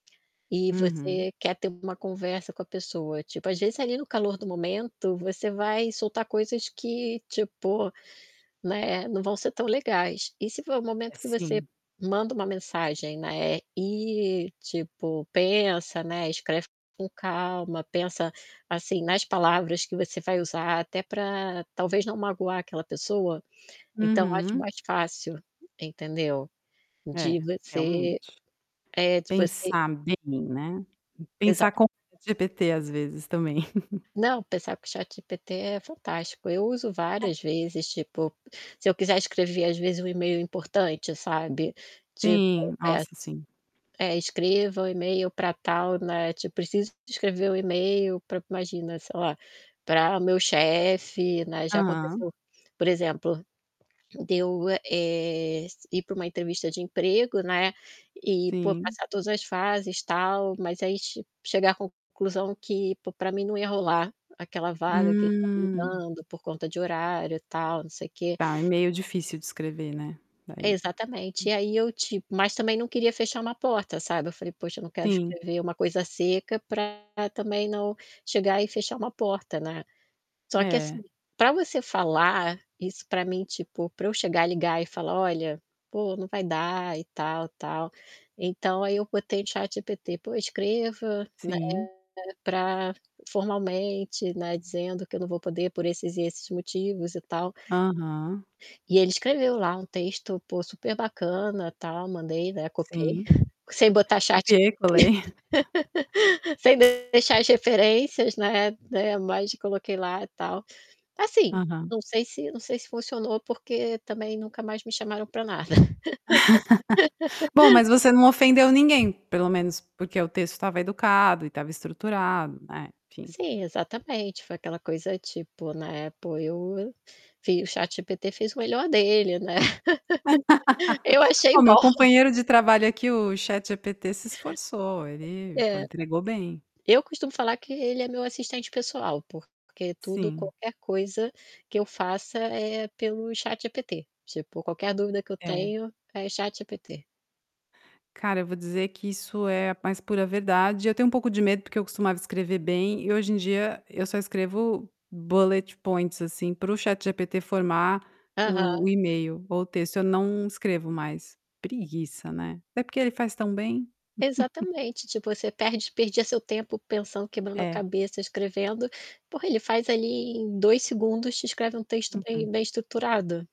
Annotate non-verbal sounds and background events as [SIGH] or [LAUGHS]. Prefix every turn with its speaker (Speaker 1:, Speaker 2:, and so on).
Speaker 1: E
Speaker 2: Uhum.
Speaker 1: você quer ter uma conversa com a pessoa, tipo, às vezes, ali no calor do momento, você vai soltar coisas que, tipo né, eh, não vão ser tão legais. E se for o
Speaker 2: É,
Speaker 1: momento que você
Speaker 2: sim.
Speaker 1: manda uma mensagem, né, e, tipo, pensa, né, escreve com calma, pensa, assim, nas palavras que você vai usar, até pra talvez não magoar aquela pessoa. Então, eu acho
Speaker 2: Uhum.
Speaker 1: mais fácil, entendeu. De
Speaker 2: É,
Speaker 1: você
Speaker 2: realmente.
Speaker 1: é, de você
Speaker 2: Pensar bem, né, pensar com
Speaker 1: Exatamente.
Speaker 2: o ChatGPT, às vezes, também. [CHUCKLES]
Speaker 1: Não, pensar com o ChatGPT é fantástico. Eu uso várias
Speaker 2: [LAUGHS]
Speaker 1: vezes, tipo, se eu quiser escrever, às vezes, um e-mail importante, sabe, tipo,
Speaker 2: Sim,
Speaker 1: eh,
Speaker 2: nossa,
Speaker 1: ass
Speaker 2: sim.
Speaker 1: é: "Escreva o e-mail pra tal", né, tipo: "Preciso de escrever o e-mail pra", imagina, sei lá, "pra meu chefe", né. Já
Speaker 2: Aham.
Speaker 1: aconteceu, por exemplo, de eu, e eh, s ir para uma entrevista de emprego, né, e pô,
Speaker 2: Sim.
Speaker 1: passar todas as fases tal, mas aí che chegar a c-conclusão que pô, pra mim não ia rolar aquela vaga que estariam me
Speaker 2: Hum.
Speaker 1: dando por conta de horário, tal, não sei o quê
Speaker 2: Tá, é meio difícil de escrever, né.
Speaker 1: É,
Speaker 2: Daí
Speaker 1: exatamente.
Speaker 2: u
Speaker 1: E aí, eu, tipo mas também não queria fechar uma porta, sabe. Eu falei: "Poxa, eu não quero
Speaker 2: Sim.
Speaker 1: escrever uma coisa seca pra também não chegar e fechar uma porta, né". Só que,
Speaker 2: É.
Speaker 1: assim, pra você falar isso pra mim, tipo pra eu chegar e ligar e falar: "Olha, pô, não vai dar e tal, tal". Então, aí eu botei no ChatGPT: "Pô, escreva, né,
Speaker 2: Sim.
Speaker 1: pra formalmente, né, dizendo que eu não vou poder por esses e esses motivos e tal".
Speaker 2: Aham.
Speaker 1: E ele escreveu lá um texto pô, super bacana, tal. Mandei, né, copiei
Speaker 2: Sim.
Speaker 1: [CHUCKLES] sem botar ChatGPT,
Speaker 2: Copiei, colei. [CHUCKLES]
Speaker 1: [LAUGHS] sem deixar as referências, né, eh, mas coloquei lá, tal. Assim,
Speaker 2: Aham.
Speaker 1: não sei se não sei se funcionou porque também nunca mais me chamaram pra nada.
Speaker 2: [CHUCKLES]
Speaker 1: [LAUGHS]
Speaker 2: Bom, mas você não ofendeu ninguém, pelo menos, porque o texto estava educado e estava estruturado, né, enfim.
Speaker 1: Sim, exatamente. Foi aquela coisa, tipo, na Apple eu eu vi o ChatGPT fez o melhor dele, né. [LAUGHS] Eu
Speaker 2: [LAUGHS]
Speaker 1: achei
Speaker 2: Ó, meu
Speaker 1: bom.
Speaker 2: companheiro de trabalho aqui, o ChatGPT se esforçou. Ele pô,
Speaker 1: É.
Speaker 2: entregou bem.
Speaker 1: Eu costumo falar que ele é meu assistente pessoal. Porque tudo
Speaker 2: Sim.
Speaker 1: qualquer coisa que eu faça é pelo ChatGPT. Tipo, qualquer dúvida que eu
Speaker 2: É.
Speaker 1: tenho é ChatGPT.
Speaker 2: Cara, eu vou dizer que isso é a mais pura verdade. Eu tenho um pouco de medo porque eu costumava escrever bem e hoje em dia, eu só escrevo bullet points, assim, para o ChatGPT formar
Speaker 1: Aham.
Speaker 2: o o e-mail ou o texto. Eu não escrevo mais. Preguiça, né. Até porque ele faz tão bem. [CHUCKLES]
Speaker 1: Exatamente, tipo, você perde perdia seu tempo pensando quebrando a
Speaker 2: É.
Speaker 1: cabeça escrevendo pô, ele faz ali em 2 segundos, te escreve um texto bem
Speaker 2: Uhum.
Speaker 1: bem estruturado.